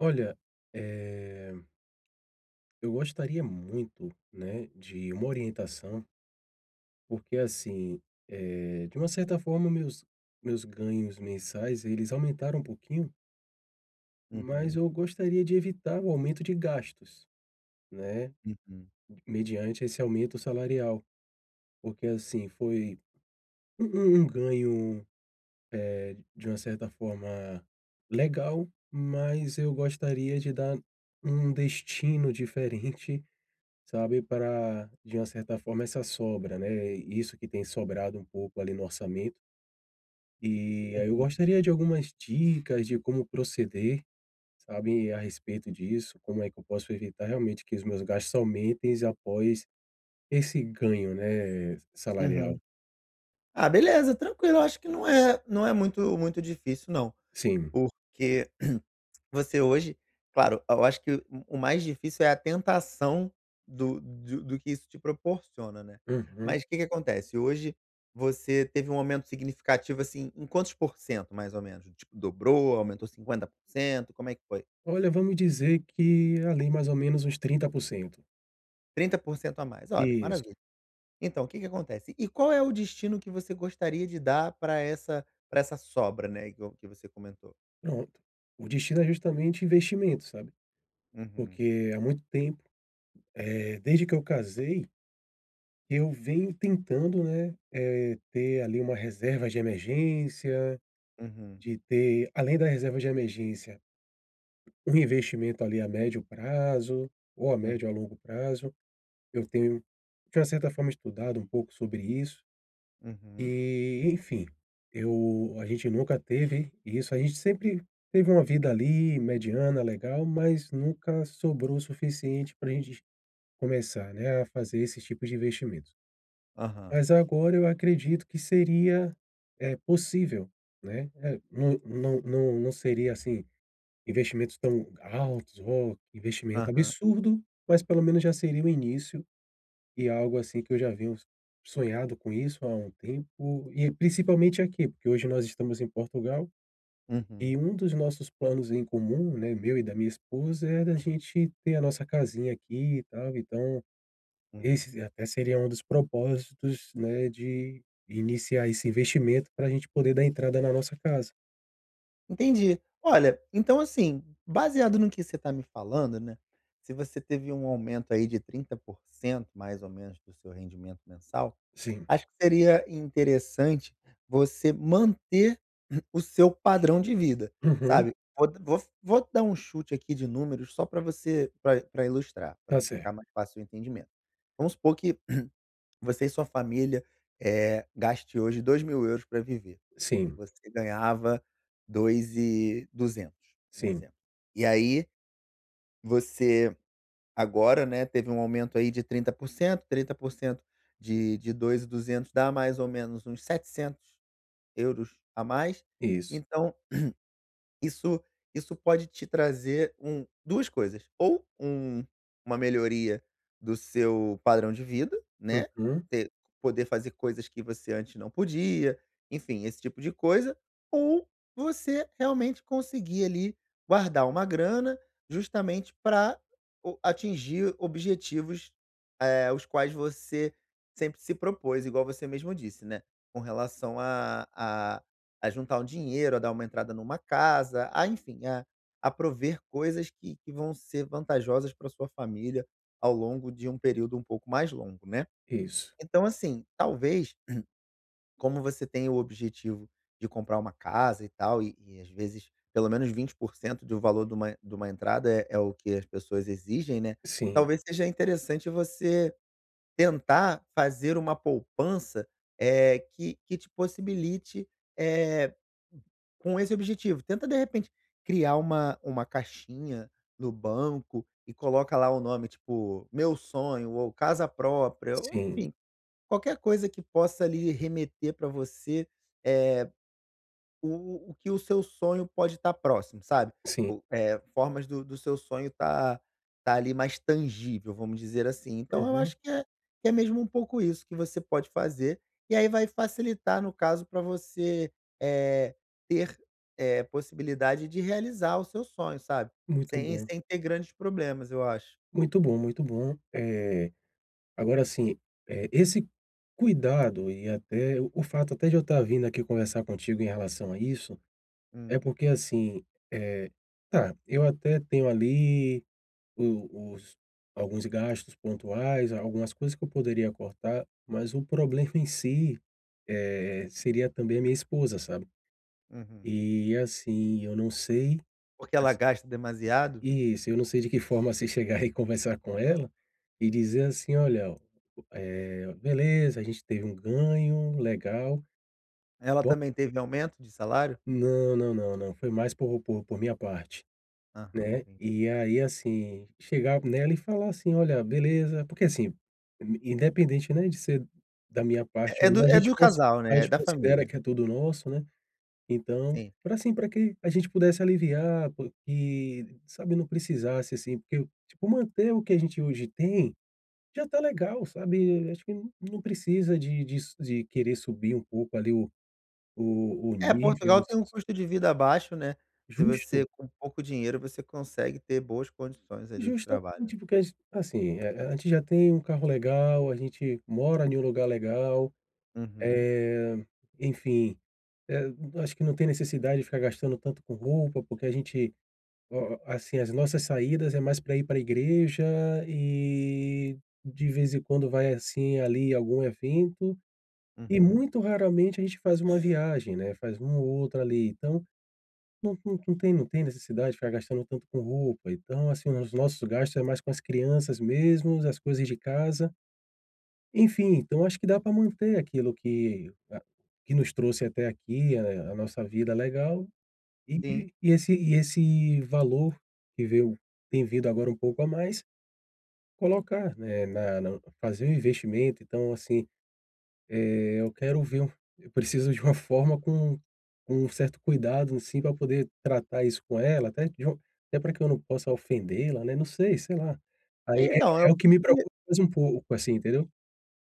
Olha, eh eu gostaria muito, né, de uma orientação porque assim, eh, de uma certa forma meus meus ganhos mensais, eles aumentaram um pouquinho Uhum. mas eu gostaria de evitar o aumento de gastos, né. Uhum. Mediante esse aumento salarial. Porque, assim. foi, um um ganho, eh, de uma certa forma, legal, mas eu gostaria de dar um destino diferente, sabe. Pra, de uma certa forma essa sobra, né, isso que tem sobrado um pouco, ali, no orçamento. E aí, eu Uhum. gostaria de algumas dicas de como proceder, sabe, a respeito disso, como é que eu posso evitar realmente que os meus gastos aumentem após esse ganho, né? Uhum. Salarial. Ah beleza, tranquilo acho que não é não é muito muito difícil não, Sim. porque você hoje, claro e eu acho que o o mais difícil é a tentação do do do que isso te proporciona, né, Uhum. mas que que acontece, hoje você teve um aumento significativo, assim, em quantos porcentos mais ou menos? Tipo dobrou, aumentou 50% como é que foi? Olha, vamos dizer que, ali, mais ou menos uns 30%. 30% a mais, olha, Isso. maravilha. Então, o que que acontece. E qual é o destino que você gostaria de dar pra essa pra essa sobra, né, igual que você comentou? Pronto, o destino é justamente investimento, sabe. Uhum. Porque há muito tempo, eh, desde que eu casei eu venho tentando, né, eh, ter, ali, uma reserva de emergência, Uhum. de ter além da reserva de emergência um investimento, ali, a médio prazo, ou a Hum. médio ou a longo prazo, eu tenho de uma certa forma estudado um pouco sobre isso. Uhum. Eh, enfim, eu a gente nunca teve isso, a gente sempre teve uma vida, ali, mediana legal mas nunca sobrou o suficiente pra gente começar, né, a fazer esses tipos de investimentos. Aham. Mas agora eu acredito que seria, eh, possível, né. Não não não não seria, assim, investimentos tão altos, oh, que investimento Aham. absurdo, mas pelo menos já seria o início, e algo, assim, que eu já venho s sonhado com isso há um tempo, e principalmente aqui, porque hoje nós estamos em Portugal, e Uhum. um dos nossos planos em comum, né, meu e da minha esposa, é da gente ter a nossa casinha aqui, e tal. Então, Hum. esse e até seria um dos propósitos, né, de iniciar esse investimento pra gente poder dar entrada na nossa casa. Entendi. Olha, então assim, baseado no que você tá me falando, né, se você teve um aumento aí de 30%, mais ou menos, do seu rendimento mensal, Sim. acho que seria interessante você manter o seu padrão de vida, Uhum. sabe. Vou d vou vou dar chute aqui de números só pra você pra pra ilustrar, Tá pra ficar cer mais fácil o entendimento. Vamos supor que você e sua família, eh, gaste hoje € 2000 pra viver, e Sim. você ganhava 2200, um Sim. exemplo. E aí, você agora, né, teve um aumento aí de 30%, 30% de de 2200 dá mais ou menos uns € 700 a mais, Isso. então, isso isso pode te trazer um 2 coisas, ou um uma melhoria do seu padrão de vida, né, Uhum. você poder fazer coisas que você antes não podia, enfim, esse tipo de coisa ou você realmente conseguir, ali, guardar uma grana justamente pra o atingir objetivos, eh, os quais você sempre se propôs, igual você mesmo disse, né, com relação a a a juntar um dinheiro, a dar uma entrada em uma casa, ah, enfim, a a prover coisas que que vão ser vantajosas pra sua família ao longo de um período um pouco mais longo, né. Isso. Então assim, talvez, como você tem o objetivo de comprar uma casa e tal, e e às vezes pelo menos 20% de um valor de uma de uma entrada é é o que as pessoas exigem, né. Sim. Talvez seja interessante você tentar fazer uma poupança, eh, que que te possibilite, eh, com esse objetivo, tenta de repente criar uma uma caixinha no banco e coloca lá o nome, tipo, meu sonho, ou casa própria, ou Sim. enfim, qualquer coisa que possa, ali, remeter pra você, eh, o o que o seu sonho pode tá próximo sabe, Sim. o é formas do do seu sonho tá, ali, mais tangível vamos dizer assim, então eu Uhum. acho que, eh, é mesmo um pouco isso que você pode fazer, e aí vai facilitar no caso pra você, eh, ter, eh, possibilidade de realizar o seu sonho, sabe, Muito sem bom. sem ter grandes problemas, eu acho. Muito bom, muito bom, eh, agora assim, eh, esse cuidado e até o o fato até de eu estar vindo aqui conversar contigo em relação a isso, é Hum. porque assim, eh, tá, eu até tenho, ali, o os alguns gastos pontuais, algumas coisas que eu poderia cortar, mas o problema em si, eh, seria também a minha esposa, sabe, Uhum. eh, assim, eu não sei Porque ela [unintelligible] gasta demasiado? Isso, eu não sei de que forma, assim, chegar e conversar com ela e dizer assim: "Olha, eh, beleza a gente teve um ganho legal, Ela bom." também teve aumento de salário? Não, não, não, não, foi mais por por minha parte, Aham, né, entendi. e aí, assim, chegar nela e falar assim: "Olha beleza." Porque assim, in independente, né, de ser da minha parte É é ou não do a é gente do consi casal, a né, é gente da considera família. que é todo nosso, né, então, Sim. pra, assim, pra que a gente pudesse aliviar co e, sabe, não precisasse, assim, porque, tipo, manter o que a gente hoje tem, já está legal, sabe. Acho que não precisa de de su de querer subir um pouco, ali, o o É, nível. Portugal tem um [unintelligible] custo de vida baixo, né, se Justo. você com pouco dinheiro, você consegue ter boas condições, ali, de trabalho. Justamente, porque as assim, eh eh, a gente já tem um carro legal, a gente mora ne um lugar legal, Uhum. eh, enfim, eh, eu acho que não tem necessidade de ficar gastando tanto com roupa, porque a gente, ó assim, as nossas saídas é mais pra ir pra igreja, e de vez em quando vai, assim, ali, algum evento. E Uhum. muito raramente a gente faz uma viagem, né, faz um ou outro, ali, então, não não não tem não tem necessidade de ficar gastando tanto com roupa, então assim, os nossos gastos é mais com as crianças mesmo, as coisas de casa. E enfim, então eu acho que dá pra manter aquilo que a que nos trouxe até aqui, a a nossa vida legal e Sim. e e esse e esse valor que veio vem vindo agora um pouco a mais, colocar, né, na na fazer o investimento, então, assim, eh, eu quero ver eu preciso de uma forma com com um certo cuidado, assim, pra poder tratar isso com ela, até q de um até pra que eu não possa ofendê-la, né. Não sei, sei lá. Aí é Então eu é o que me preocupa [unintelligible] mais um pouco, assim, entendeu?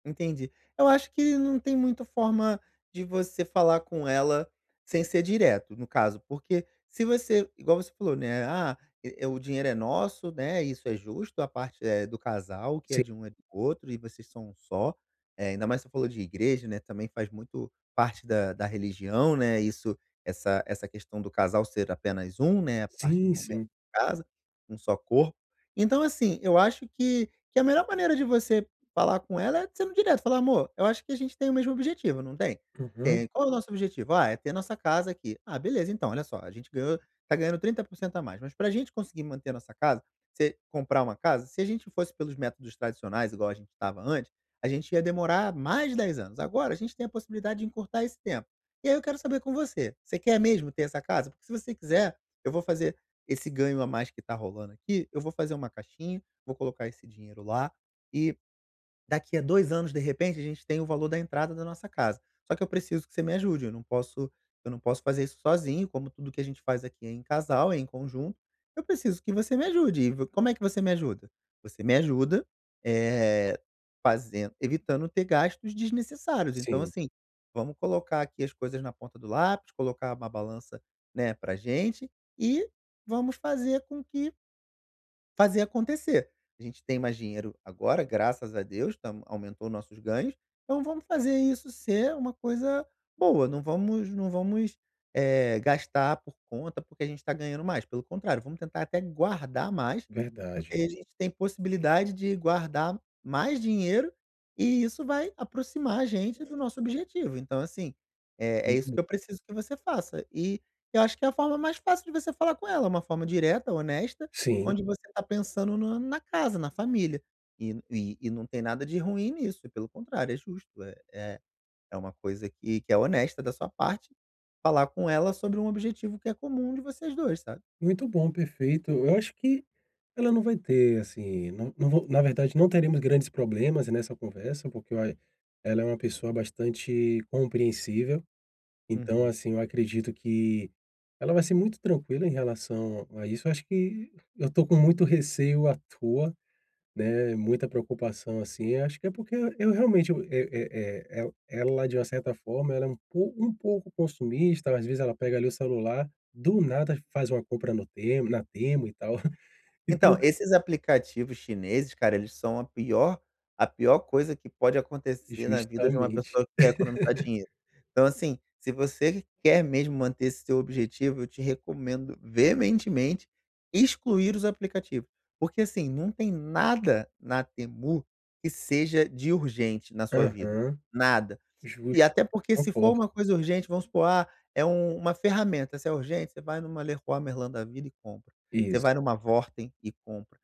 Entendi, eu acho que não tem muita forma de você falar com ela sem ser direto, no caso, porque se você, igual você falou, né, ah, é é o dinheiro é nosso, né, isso é justo, a parte é do casal, o que é Sim. de um é do outro e vocês são um só, eh, ainda mais você falou de igreja, né, também faz muito parte da da religião, né, isso essa essa questão do casal ser apenas um, né, a partir do Sim, momento sim. casa, um só corpo. Então assim, eu acho que que a melhor maneira de você falar com ela é sendo direto falar: "Amor, eu acho que a gente tem o mesmo objetivo, não tem?" Uhum. "Tem." "E qual é o nosso objetivo?" "Ah, é ter nossa casa aqui." "Ah, beleza, então, olha só, a gente ganhou tá ganhando 30% a mais, mas pra gente conseguir manter a nossa casa, você comprar uma casa, se a gente fosse pelos métodos tradicionais igual a gente estava antes, a gente ia demorar mais de 10 anos, agora a gente tem a possibilidade de encurtar esse tempo. E aí eu quero saber com você, você quer mesmo ter essa casa? Porque se você quiser, eu vou fazer esse ganho a mais que tá rolando aqui, eu vou fazer uma caixinha, vou colocar esse dinheiro lá, e daqui a 2 anos, de repente, a gente tem o valor da entrada da nossa casa. Só que eu preciso que você me ajude, eu não posso eu não posso fazer isso sozinho, como tudo que a gente faz aqui é em casal, é em conjunto, eu preciso que você me ajude, e v como é que você me ajuda? Você me ajuda, eh, fazen evitando ter gastos desnecessários, então Sim. assim, vamos colocar aqui as coisas na ponta do lápis, colocar uma balança, né, para gente e vamos fazer com que" "fazer acontecer, a gente tem mais dinheiro agora graças a Deus estamos aumentou os nossos ganhos, então vamos fazer isso ser uma coisa boa, não vamos não vamos, eh, gastar por conta porque a gente tá ganhando mais, pelo contrário, vamos tentar até guardar mais, Verdade. porque aí a gente tem possibilidade de guardar mais dinheiro e isso vai aproximar a gente do nosso objetivo então assim, eh, é isso Uhum. que eu preciso que você faça." E eu acho que a forma mais fácil de você falar com ela, uma forma direta, honesta, Sim. onde você tá pensando no na casa, na família, e n e e não tem nada de ruim nisso, e pelo contrário, é justo é é é uma coisa que que é honesta da sua parte, falar com ela sobre um objetivo que é comum de vocês dois, sabe? Muito bom, perfeito. Eu acho que ela não vai ter, assim, não não vou na verdade não teremos grandes problemas nessa conversa, porque ela é uma pessoa bastante compreensível. Então, Uhum. assim, eu acredito que ela vai ser muito tranquila em relação a isso, eu acho que eu tô com muito receio à toa, né. Muita preocupação, assim, acho que é porque eu realmente é é é é ela de uma certa forma ela é um pouco um pouco consumista, às vezes ela pega, ali, o celular, do nada faz uma compra no Temu na Temu e tal. E Então, [unintelligible] esses aplicativos chineses cara, eles são a pior a pior coisa que pode acontecer na vida de uma Justamente. pessoa que quer economizar dinheiro. Então assim, se você quer mesmo manter esse seu objetivo, eu te recomendo veementemente excluir os aplicativos, porque assim, não tem nada na Temu, que seja de urgente na sua vida, Aham, nada. E justo, até porque se for concordo. uma coisa urgente, vamos supor, "Ah, é uma ferramenta." Se é urgente, você vai numa Leroy Merlin da vida e compra. Você Isso. vai em uma Wortem e compra.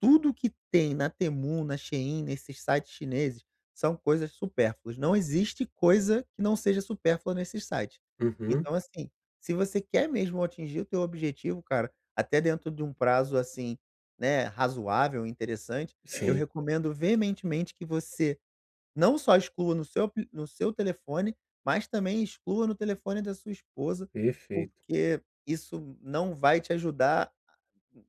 Tudo que tem na Temu, na Shein, nesse site chineses, são coisas supérfluas não existe coisa que não seja supérfluas nesse sites, Uhum. então, assim, se você quer mesmo atingir o teu objetivo, cara, até dentro de um prazo, assim, né, razoável, interessante, eu Sim. recomendo veementemente que você não só exclua no seu apli no seu telefone, mas também exclua no telefone da sua esposa, Perfeito. porque isso não vai te ajudar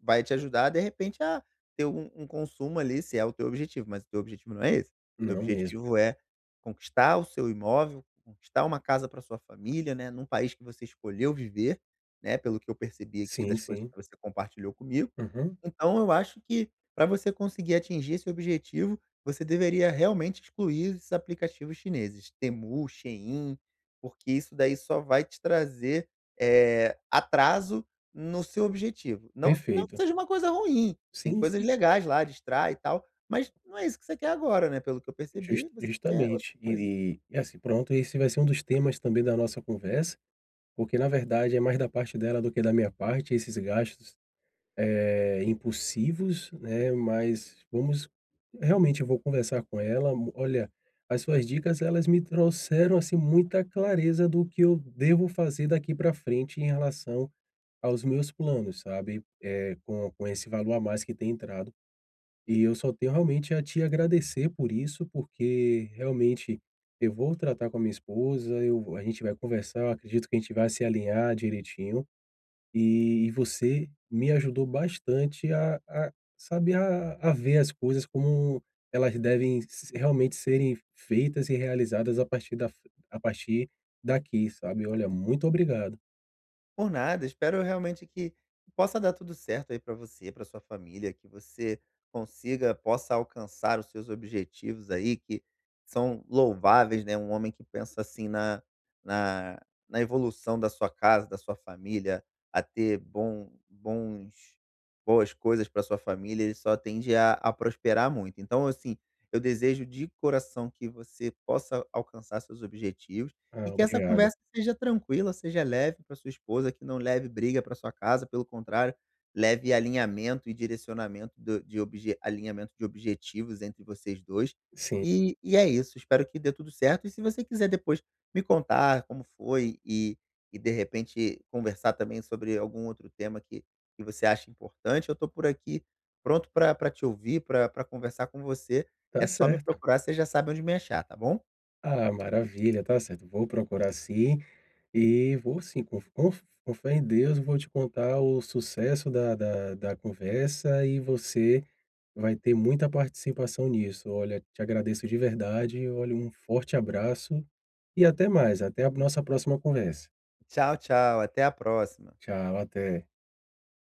vai te ajudar, de repente, a ter um um consumo, ali, se é o teu objetivo, mas o teu objetivo não é esse. O teu Não mesmo. objetivo é, conquistar o seu imóvel, conquistar uma casa pra sua família né, num país que você escolheu viver, né, pelo que eu o que eu percebi aqui Sim, das coisas sim. que você compartilhou comigo. Uhum. Então eu acho que, pra você conseguir atingir esse objetivo, você deveria realmente excluir esses aplicativos chineses Temu, Shein, porque isso daí só vai te trazer, eh, atraso no seu objetivo, não se não que Perfeito. seja uma coisa ruim, tem Sim, coisas sim. legais lá, distrai e tal, mas não é isso que você quer agora, né, pelo que eu Justa percebi, você quer outra justamente coisa. eh, é assim, pronto, e esse vai ser um dos temas também da nossa conversa, porque na verdade é mais da parte dela do que da minha parte, esses gastos, eh, impulsivos, né. Mas vamos realmente eu vou conversar com ela, olha, as suas dicas elas me trouxeram, assim, muita clareza do que eu devo fazer daqui pra frente em relação aos meus planos, sabe, eh, com com esse valor a mais que tem entrado, e eu só tenho realmente a te agradecer por isso, porque realmente eu vou tratar com a minha esposa, eu vou a gente vai conversar, eu acredito que a gente vai se alinhar direitinho, e você me ajudou bastante a a saber a a ver as coisas como elas devem s realmente serem feitas e realizadas a partir da f a partir daqui, sabe. Olha, muito obrigado. Por nada, espero realmente que que possa dar tudo certo aí pra você, pra sua família, que você consiga possa alcançar os seus objetivos aí que são louváveis, né, um homem que pensa assim na na na evolução da sua casa, da sua família, a ter bom bons boas coisas pra sua família, ele só tende a a prosperar muito, então, assim, eu desejo de coração que você possa alcançar seus objetivos, e Ah, que essa obrigado. conversa seja tranquila, seja leve pra sua esposa que não leve briga para sua casa, pelo contrário, leve alinhamento e direcionamento do de obje alinhamento de objetivos entre vocês dois, Sim. e e é isso, espero que dê tudo certo, e se você quiser depois me contar como foi e e, de repente, conversar também sobre algum outro tema que que você acha importante, eu tô por aqui, pronto pra pra te ouvir, pra pra conversar com você, Tá é só me certo. procurar, você já sabe onde me achar, tá bom? Ah, maravilha, tá certo, vou procurar sim e vou sim, com f com f com fé em Deus, eu vou te contar o sucesso da da da conversa e você vai ter muita participação nisso. Olha, te agradeço de verdade, e olhe, um forte abraço e até mais, até a nossa próxima conversa. Tchau, tchau, até a próxima. Tchau, até.